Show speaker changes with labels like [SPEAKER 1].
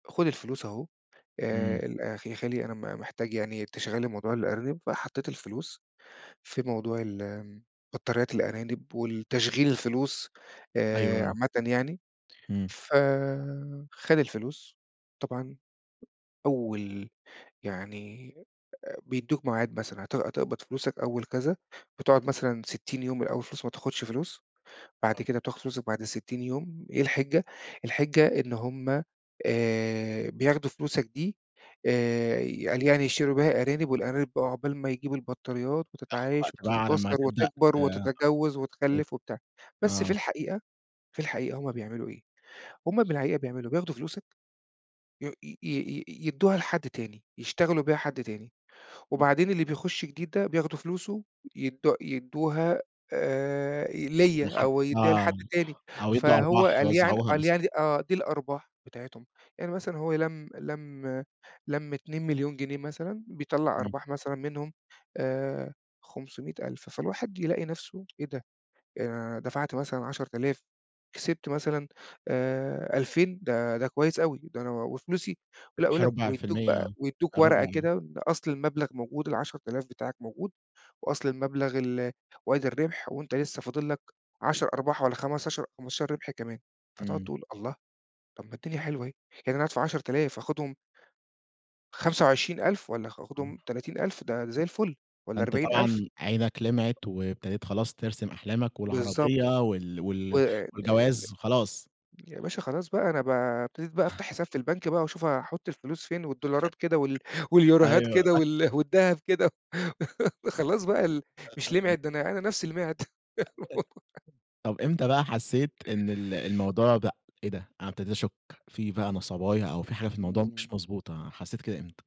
[SPEAKER 1] "خُد الفلوس أهوه
[SPEAKER 2] إمم.
[SPEAKER 1] آآ ال يا خالي أنا م محتاج يعني تشغّل لي موضوع الأرانب."، فحطيت الفلوس في موضوع ال بطاريات الأرانب والتشغيل الفلوس
[SPEAKER 2] أيوه
[SPEAKER 1] آآ
[SPEAKER 2] آه.
[SPEAKER 1] عامةّ يعني،
[SPEAKER 2] امم.
[SPEAKER 1] ف خَد الفلوس طبعًا أول يعني بيدّوك ميعاد مثلًا هت هتقبض فلوسك أول كذا، بتقعد مثلًا 60 يوم من أول الفلوس ما تاخدش فلوس،
[SPEAKER 2] آه.
[SPEAKER 1] بعد كده بتاخد فلوسك بعد 60 يوم إيه الحجّة؟ الحجّة إن هم آآ بياخدوا فلوسك دي آآ قال يعني يشتروا بيها أرانب والأرانب بقى عقبال ما يجيبوا البطاريات
[SPEAKER 2] تاخد
[SPEAKER 1] وتتعايش
[SPEAKER 2] وقت بقى على ما
[SPEAKER 1] وتتكاثر
[SPEAKER 2] تبدأ
[SPEAKER 1] وتكبر
[SPEAKER 2] آآ
[SPEAKER 1] وتتجوز
[SPEAKER 2] أت
[SPEAKER 1] وتخلّف وبتاع، بس في
[SPEAKER 2] آه.
[SPEAKER 1] الحقيقة في الحقيقة هم بيعملوا إيه؟ هم في الحقيقة بيعملوا بياخدوا فلوسك، ي ي ي ي يدوها لحد تاني، يشتغلوا بيها حد تاني
[SPEAKER 2] امم.
[SPEAKER 1] وبعدين اللي بيخش جديد ده بياخدوا فلوسه يدو يدوها آآ ليّا
[SPEAKER 2] ولحد
[SPEAKER 1] أو يدّيها لحد
[SPEAKER 2] آه
[SPEAKER 1] تاني
[SPEAKER 2] أو يدوّا
[SPEAKER 1] فهو
[SPEAKER 2] أرباح
[SPEAKER 1] قال يعني
[SPEAKER 2] يوزعوها
[SPEAKER 1] قال
[SPEAKER 2] مثلاً.
[SPEAKER 1] يعني آه دي الأرباح بتاعتهم، يعني مثلًا هو لمّ لمّ لمّ 2.000.000 جنيه مثلًا، بيطلّع
[SPEAKER 2] امم.
[SPEAKER 1] أرباح مثلًا منهم آآ 500000، فالواحد يلاقي نفسه، "إيه ده؟ أنا دفعت مثلًا 10000 كسبت مثلًا آآ 2000 ده ده كويس أوي ده أنا وفلوسي"، ولأ
[SPEAKER 2] ربح
[SPEAKER 1] ويقول لك
[SPEAKER 2] ربع في
[SPEAKER 1] ويدّوك
[SPEAKER 2] المِيَّة
[SPEAKER 1] بقى ويدّوك
[SPEAKER 2] آه، ربع
[SPEAKER 1] ورقة كده بأصل المبلغ موجود ال10000 بتاعك موجود، وأصل المبلغ ال وادي الربح وأنت لسه فاضل لك 10 أرباح والّا خمستاشر 15 ربح كمان، فتقعد
[SPEAKER 2] امم.
[SPEAKER 1] تقول: "الله؟! طب ما الدنيا حلوة أهيه يعني أنا هادفع 10.000 هاخدهم" "25.000 والّا ها هاخدهم
[SPEAKER 2] [unintelligible]
[SPEAKER 1] 30.000 ده زي الفل والّا
[SPEAKER 2] فأنت
[SPEAKER 1] 40.000."
[SPEAKER 2] طبعًا عينك لمعت وابتديت خلاص ترسم أحلامك
[SPEAKER 1] بالضبط.
[SPEAKER 2] والعربية وال وال
[SPEAKER 1] وآآ
[SPEAKER 2] والجواز خلاص.
[SPEAKER 1] يا باشا خلاص بقى أنا ب ابتديت بقى أفتح حساب في البنك بقى وأشوف هاحط الفلوس فين والدولارات كده وال واليوروهات
[SPEAKER 2] أيوه.
[SPEAKER 1] كده وال والدهب كده. خلاص بقى ال مش
[SPEAKER 2] [unintelligible]
[SPEAKER 1] لمعت، ده أنا نفسي لمعت.
[SPEAKER 2] [unintelligible] طب إمتى بقى حسيت إن ال الموضوع بقى، إيه ده؟ أنا ابتديت أشك في بقى نصباية أو في حاجة في الموضوع مش
[SPEAKER 1] إمم.
[SPEAKER 2] مضبوطة. حسيت كده إمتى؟